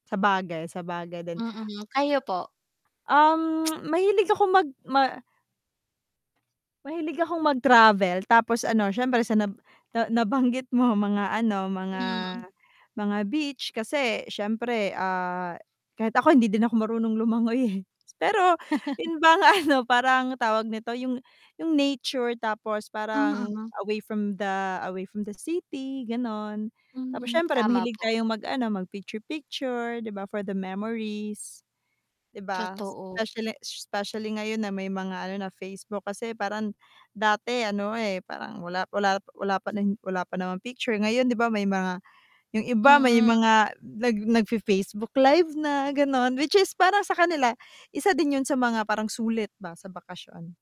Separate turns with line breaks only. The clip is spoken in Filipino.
Sabagay, sabagay din.
Mm, kayo po?
Um, mahilig ako mag ma mahilig akong mag-travel, tapos ano siyempre sa nab na nabanggit mo mga ano, mga,
Hmm.
mga beach, kasi siyempre ah, kahit ako hindi din ako marunong lumangoy eh. Pero yun bang ano parang tawag nito, yung yung nature tapos parang
Mm.
away from the, away from the city ganon. Tapos
Mm,
siyempre
tama
mahilig
po.
tayong mag ano mag picture-picture, 'di ba for the memories. 'Di ba,
Totoo.
specially specially ngayon na may mga ano na Facebook kasi parang, dati ano, eh, parang wala wala wala pa n wala pa rin wala pa naman picture ngayon 'di ba may mga yung iba may
Mm.
mga nag nagfi-Facebook live na, gano'n which is para sa kanila isa din yun sa mga parang sulit ba sa bakasyon.